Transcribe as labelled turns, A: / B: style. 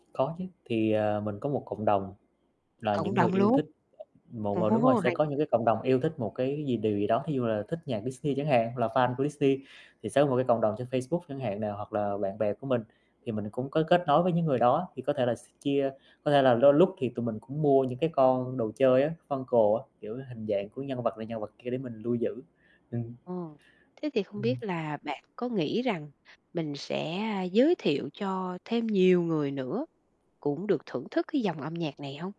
A: Có chứ, thì, à, mình có một cộng đồng là
B: Cộng
A: những người
B: đồng
A: yêu
B: luôn.
A: thích một ờ, đúng rồi
B: Ồ,
A: sẽ
B: hay.
A: có những cái cộng đồng yêu thích một cái gì điều gì đó. Thí dụ như là thích nhạc Disney chẳng hạn, là fan của Disney, thì sẽ một cái cộng đồng trên Facebook chẳng hạn nè, hoặc là bạn bè của mình, thì mình cũng có kết nối với những người đó, thì có thể là s chia có thể là lôi lúc thì tụi mình cũng mua những cái con đồ chơi á, Funko á, kiểu hình dạng của nhân vật này nhân vật kia để mình lưu giữ. Ừm.
B: Ồ, thế thì không
A: Ừm.
B: biết là bạn có nghĩ rằng mình sẽ, a, giới thiệu cho thêm nhiều người nữa cũng được thưởng thức cái dòng âm nhạc này hông?